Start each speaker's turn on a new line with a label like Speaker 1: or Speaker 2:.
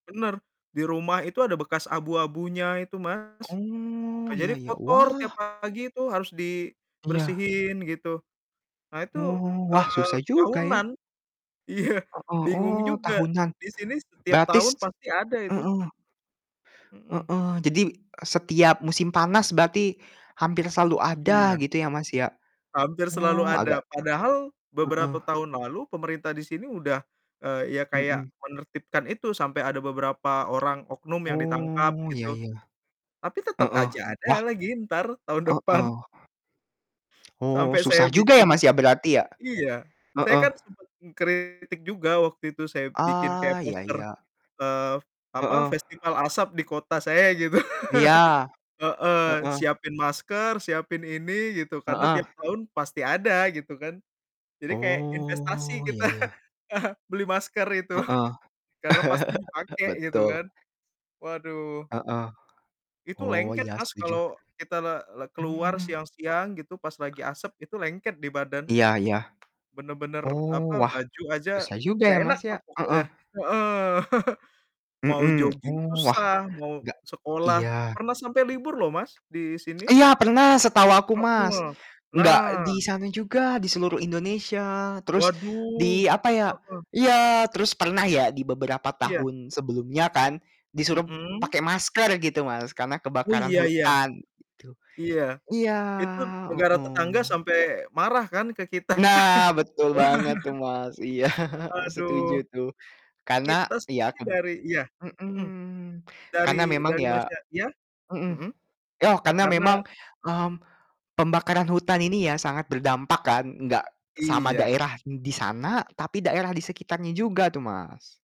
Speaker 1: Benar, di rumah itu ada bekas abu-abunya itu, Mas. Nah,
Speaker 2: Oh, iya
Speaker 1: jadi
Speaker 2: iya.
Speaker 1: kotor
Speaker 2: Wah.
Speaker 1: tiap pagi tuh harus
Speaker 2: Iya.
Speaker 1: dibersihin gitu. Nah itu,
Speaker 2: Oh, wah,
Speaker 1: eee,
Speaker 2: susah juga ya?
Speaker 1: tahunan. Iya,
Speaker 2: Ah hah,
Speaker 1: bingung
Speaker 2: oh,
Speaker 1: juga,
Speaker 2: tahunan.
Speaker 1: di sini setiap
Speaker 2: Berarti s
Speaker 1: tahun pasti ada itu.
Speaker 2: heeh.
Speaker 1: Mhm.
Speaker 2: Heeh. Jadi, e setiap musim panas, berarti hampir selalu ada
Speaker 1: Iya.
Speaker 2: gitu ya, Mas, ya?
Speaker 1: Hampir selalu
Speaker 2: Oh agak
Speaker 1: ada, padahal
Speaker 2: heeh.
Speaker 1: beberapa tahun lalu pemerintah di sini udah, eee, ya, kayak
Speaker 2: Mhm.
Speaker 1: menertibkan itu, sampai ada beberapa orang oknum yang ditangkap,
Speaker 2: Oh, iya
Speaker 1: gitu.
Speaker 2: iya.
Speaker 1: Tapi tetap
Speaker 2: Heeh,
Speaker 1: aja
Speaker 2: wah
Speaker 1: ada lagi entar, tahun depan.
Speaker 2: heeh. Oh,
Speaker 1: Sampai saya
Speaker 2: susah juga ya
Speaker 1: bikin
Speaker 2: Mas ya, berarti ya?
Speaker 1: iya. Saya
Speaker 2: Heeh.
Speaker 1: kan sempat mengkritik juga waktu itu, saya bikin kayak
Speaker 2: Ah, iya
Speaker 1: poster,
Speaker 2: iya.
Speaker 1: eee, apa,
Speaker 2: Heeh.
Speaker 1: festival asap di kota saya gitu.
Speaker 2: Iya.
Speaker 1: Heeh.
Speaker 2: Heeh.
Speaker 1: Siapin masker, siapin ini, gitu, karena
Speaker 2: Heeh.
Speaker 1: tiap tahun pasti ada gitu kan. Jadi kayak, investasi
Speaker 2: Oh,
Speaker 1: kita,
Speaker 2: iya iya.
Speaker 1: beli masker itu,
Speaker 2: Heeh.
Speaker 1: karena pasti dipakai, gitu
Speaker 2: Betul.
Speaker 1: kan. Waduh.
Speaker 2: Heeh.
Speaker 1: Itu
Speaker 2: Oh,
Speaker 1: lengket
Speaker 2: iya
Speaker 1: Mas,
Speaker 2: setuju.
Speaker 1: kalau kita le le keluar
Speaker 2: Mmm.
Speaker 1: siang-siang gitu, pas lagi asap, itu lengket di badan.
Speaker 2: Iya iya.
Speaker 1: Benar-benar,
Speaker 2: Oh,
Speaker 1: apa,
Speaker 2: wah,
Speaker 1: baju aja,
Speaker 2: susah juga
Speaker 1: nggak
Speaker 2: ya
Speaker 1: enak
Speaker 2: Mas, ya?
Speaker 1: lah
Speaker 2: Heeh.
Speaker 1: pokoknya. Heeh. Mau
Speaker 2: Mhm,
Speaker 1: joging
Speaker 2: oh, wah,
Speaker 1: susah, mau
Speaker 2: nggak
Speaker 1: sekolah
Speaker 2: iya.
Speaker 1: pernah sampai libur loh Mas, di sini.
Speaker 2: Iya pernah setahu aku, Mas.
Speaker 1: Heeh.
Speaker 2: Enggak di
Speaker 1: Nah.
Speaker 2: sana juga, di seluruh Indonesia, terus di,
Speaker 1: Waduh.
Speaker 2: apa ya
Speaker 1: Heeh.
Speaker 2: iya, terus pernah ya di beberapa
Speaker 1: Iya.
Speaker 2: tahun sebelumnya kan, disuruh
Speaker 1: Mhm?
Speaker 2: pakai masker gitu Mas, karena
Speaker 1: Oh,
Speaker 2: kebakaran
Speaker 1: iya iya.
Speaker 2: hutan, gitu.
Speaker 1: Iya.
Speaker 2: Iya,
Speaker 1: Itu negara tetangga
Speaker 2: heeh.
Speaker 1: sampai marah kan, ke kita.
Speaker 2: Nah, betul banget tuh Mas. Iya, setuju
Speaker 1: Aduh.
Speaker 2: tuh. Karena
Speaker 1: Kita
Speaker 2: iya
Speaker 1: sih
Speaker 2: kan
Speaker 1: dari iya,
Speaker 2: mhm,
Speaker 1: mhm, dari
Speaker 2: karena memang
Speaker 1: dari
Speaker 2: ya
Speaker 1: Masnya iya?
Speaker 2: heeh.
Speaker 1: Mhm?
Speaker 2: Oh, karena
Speaker 1: Karena
Speaker 2: memang, mmm, pembakaran hutan ini ya sangat berdampak kan, enggak sama
Speaker 1: Iya.
Speaker 2: daerah d di sana tapi daerah di sekitarnya juga tuh, Mas.